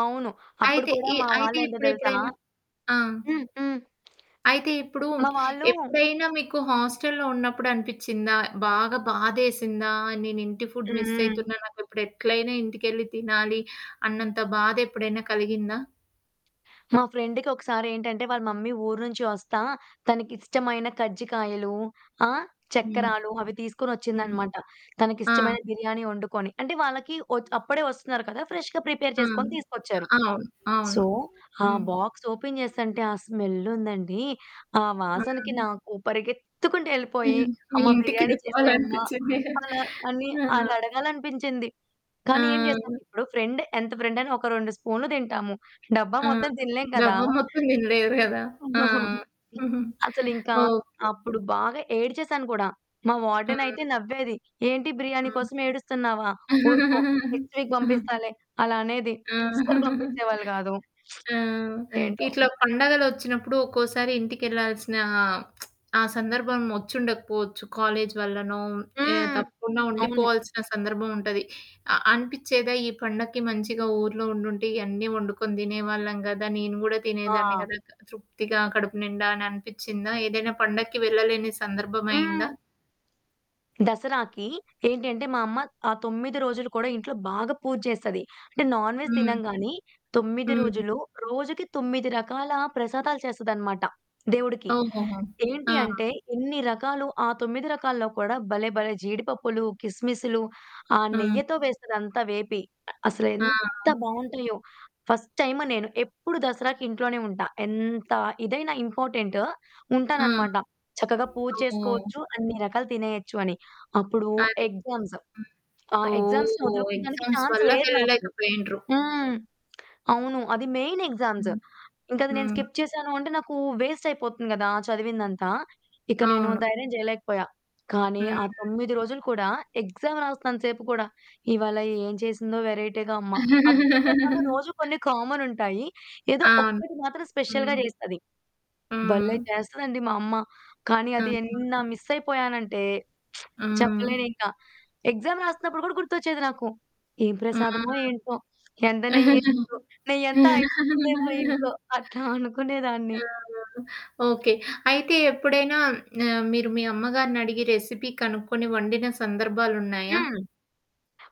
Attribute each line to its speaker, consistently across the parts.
Speaker 1: అవును. అప్పుడు
Speaker 2: అయితే
Speaker 1: కూడా
Speaker 2: ఇ
Speaker 1: మా
Speaker 2: అయితే
Speaker 1: వాళ్లేంటో తెలుసా?
Speaker 2: ఇప్పుడెప్పుడైనా ఆ!
Speaker 1: హ్మ్. హ్మ్.
Speaker 2: అయితే ఇప్పుడు,
Speaker 1: మా వాళ్ళు
Speaker 2: ఎప్పుడైనా మీకు హోస్టలులో ఉన్నప్పుడు అనిపిచ్చిందా బాగా బాధేసిందా? నేను ఇంటి ఫుడ్ మిస్
Speaker 1: హ్మ్.
Speaker 2: అయితున్నా నాకు ఇప్పుడు ఎట్లైనా ఇంటికెళ్లి తినాలి అన్నంత బాధ ఎప్పుడైనా కలిగిందా?
Speaker 1: మా ఫ్రెండ్‌కి ఒకసారేంటంటే వాళ్ళ మమ్మీ ఊరు నుంచి వస్తా తనకిష్టమైన కజ్జికాయలు, ఆ!
Speaker 2: హ్మ్.
Speaker 1: చక్కరాలు అవి తీసుకొనొచ్చింది
Speaker 2: హ్మ్.
Speaker 1: అన్నమాట. తనకి
Speaker 2: ఆ!
Speaker 1: ఇష్టమైన బిర్యానీ వండుకొని. అంటే వాళ్ళకి వొ అప్పుడే వస్తున్నారు కదా. ఫ్రెష్‌గా ప్రిపేర్
Speaker 2: ఆ!
Speaker 1: చేసుకొని తీసుకొచ్చారు.
Speaker 2: అ అవును.
Speaker 1: సో,
Speaker 2: అవును
Speaker 1: ఆ
Speaker 2: హ్మ్.
Speaker 1: బాక్స్ ఓపెన్ చేస్తుంటే ఆ స్మెల్లుందండి. ఆ వాసనకి
Speaker 2: ఆ!
Speaker 1: నాకు పరిగెత్తుకుంటూ వెళ్ళిపోయి
Speaker 2: హ్మ్. మీ
Speaker 1: అమ్మ
Speaker 2: ఇంటికి
Speaker 1: బిర్యానీ
Speaker 2: వెళ్ళిపోవాలి
Speaker 1: చేసేయమ్మ.
Speaker 2: అనిపిచ్చింది.
Speaker 1: అలా అని
Speaker 2: ఆ!
Speaker 1: అనడగాలనిపించింది. కానీ ఏం చేస్తాం.
Speaker 2: ఆ!
Speaker 1: ఇప్పుడు ఫ్రెండ్ ఎంత ఫ్రెండైనా ఒక 2 స్పూన్లు తింటాము. డబ్బా
Speaker 2: ఆ!
Speaker 1: మొత్తం తినలేము కదా!
Speaker 2: డబ్బా మొత్తం తినలేరు కదా! ఆ!
Speaker 1: అసలింకా
Speaker 2: ఓకే.
Speaker 1: అప్పుడు బాగా ఏడ్చేసాను కూడా. మా వార్డెన్ అయితే
Speaker 2: హ్మ్.
Speaker 1: నవ్వేది. "ఏంటి బిర్యానీ
Speaker 2: హ్మ్.
Speaker 1: కోసం ఏడుస్తున్నావా ఊరుకో నెక్స్ట్ వీక్ పంపిస్తాలే" అలా అనేది.
Speaker 2: ఆ!
Speaker 1: అస్సలు పంపించేవాళ్ళు కాదు.
Speaker 2: ఆ!
Speaker 1: ఏంటో?
Speaker 2: ఇట్లా పండగలొచ్చినప్పుడు ఒక్కోసారి ఇంటికి వెళ్ళాల్సిన ఆ సందర్భం వచ్చోడకపోవచ్చు కాలేజీ వల్లనో ఏ
Speaker 1: హ్మ్.
Speaker 2: తప్పకుండా
Speaker 1: అవును.
Speaker 2: ఉండిపోవాల్సిన సందర్భం ఉంటది. అ అనిపిచ్చేదా? ఈ పండక్కి మంచిగా ఊర్లో ఉండుంటే. ఇవన్నీ వండుకొని తినేవాళ్ళం కదా! నేను కూడా తినేదాన్ని
Speaker 1: ఆ!
Speaker 2: కదా! తృప్తిగా కడుపు నిండా అని అనిపిచ్చిందా? ఏదైనా పండక్కి వెళ్ళలేని సందర్భం అయిందా?
Speaker 1: హ్మ్. దసరాకి ఏంటంటే మా అమ్మ ఆహ్, 9 రోజులు కూడా ఇంట్లో బాగా పూజ చేస్తది. అంటే నాన్ వెజ్
Speaker 2: హ్మ్.
Speaker 1: తినంగానీ. 9
Speaker 2: హ్మ్.
Speaker 1: రోజులు రోజుకి 9 రకాల ప్రసాదాలు చేస్తదన్నమాట. దేవుడికి
Speaker 2: ఓహోహో! ఆ!
Speaker 1: ఏంటి అంటే. ఎన్ని రకాలు ఆ 9 రకాల్లో కూడా భలే భలే జీడిపప్పులు, కిస్‌మిస్లు ఆ
Speaker 2: హ్మ్.
Speaker 1: నెయ్యితో వేసేదంతా వేపి.
Speaker 2: ఆ!
Speaker 1: అసలేంత బావుంటాయో ఫస్ట్ టైమ్ నేను ఎప్పుడు దసరాకి ఇంట్లోనే ఉంటా. ఎంత ఇదైనా ఇంపార్టెంటు ఉంటాను
Speaker 2: ఆ!
Speaker 1: అన్నమాట. చక్కగా పూజ
Speaker 2: ఓహ్!
Speaker 1: చేసుకోవచ్చు అన్ని రకాలు తినేయొచ్చు అని. అప్పుడు
Speaker 2: అది.
Speaker 1: ఎగ్జామ్స్. ఆ
Speaker 2: హ్మ్.
Speaker 1: ఎగ్జామ్స్‌ని
Speaker 2: ఓహ్!
Speaker 1: వదులుకోవడానికి
Speaker 2: ఎగ్జామ్స్
Speaker 1: చాన్స్
Speaker 2: వల్ల
Speaker 1: లేదు
Speaker 2: వెళ్ళలేక
Speaker 1: నాకు.
Speaker 2: పోయిండ్రు.
Speaker 1: హ్మ్. అవును. అది మెయిన్ ఎగ్జామ్స్
Speaker 2: హ్మ్.
Speaker 1: ఇంక అది నేను
Speaker 2: హ్మ్.
Speaker 1: స్కిప్ చేశాను అంటే నాకు వేస్ట్ అయిపోతుంది కదా! చదివిందంతా. ఇక నేను
Speaker 2: అవును.
Speaker 1: ధైర్యం చేయలేకపోయా కానీ
Speaker 2: హుహు.
Speaker 1: ఆ 9 రోజులు కూడా ఎగ్జామ్ రాస్తున్నంత సేపు కూడా. ఇవాళ ఏం చేసిందో వెరైటీగా అమ్మ. ఆ 9 రకాలలో రోజు కొన్ని కామనుంటాయి. ఏదో
Speaker 2: అవును.
Speaker 1: ఒక్కటి మాత్రం స్పెషల్‌గా
Speaker 2: హ్మ్.
Speaker 1: చేస్తది.
Speaker 2: ఆ!
Speaker 1: భలే చేస్తదండి మా అమ్మ. కానీ
Speaker 2: ఆ!
Speaker 1: అది ఎన్న మిస్ అయిపోయాను అంటే.
Speaker 2: హ్మ్.
Speaker 1: చెప్పలేను ఇంకా. ఎగ్జామ్ రాస్తున్నప్పుడు కూడా గుర్తొచ్చేది నాకు. ఏ
Speaker 2: ఆ!
Speaker 1: ప్రసాదమో ఏంటో! ఎంత నెయ్యి ఎసిందో ఎంటో. నెయ్యంతా అయిపోతుందేమో ఇంట్లో అట్లా అనుకునేదాన్ని.
Speaker 2: ఆహా! ఓకే. అయితే ఎప్పుడైనా ఆహ్, మీరు మీ అమ్మగారిని అడిగి రెసిపీ కనుక్కొని వండిన సందర్భాలున్నాయా?
Speaker 1: హ్మ్.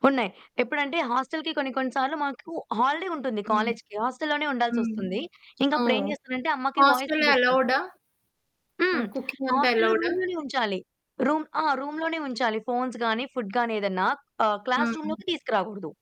Speaker 1: ఉన్నాయి. ఎప్పుడంటే హోస్టలకి కొన్ని కొన్ని సార్లు మాకు హాలిడే ఉంటుంది.
Speaker 2: హ్మ్.
Speaker 1: కాలేజీ‌కి హోస్టలు లోనే
Speaker 2: హ్మ్.
Speaker 1: ఉండాల్సొస్తుంది. ఇంక అప్పుడు ఏం
Speaker 2: ఓహ్!
Speaker 1: చేస్తానంటే అమ్మకి వాయిస్
Speaker 2: హోస్టలులో
Speaker 1: మెసేజ్ పెడతా.
Speaker 2: అలవుడా? ఆ
Speaker 1: హ్మ్.
Speaker 2: కుకింగ్ అంతా
Speaker 1: హోస్టలులో
Speaker 2: అలోవ్‌డా
Speaker 1: రూమ్‌ లోనే ఉంచాలి. రూమ్ ఆ!
Speaker 2: అ!
Speaker 1: రూమ్‌లోనే ఉంచాలి ఫోన్స్ గాని ఫుడ్ గాని ఏదన్నా ఆహ్, క్లాస్
Speaker 2: హ్మ్.
Speaker 1: రూమ్‌లోకి తీసుకురాకూడదు.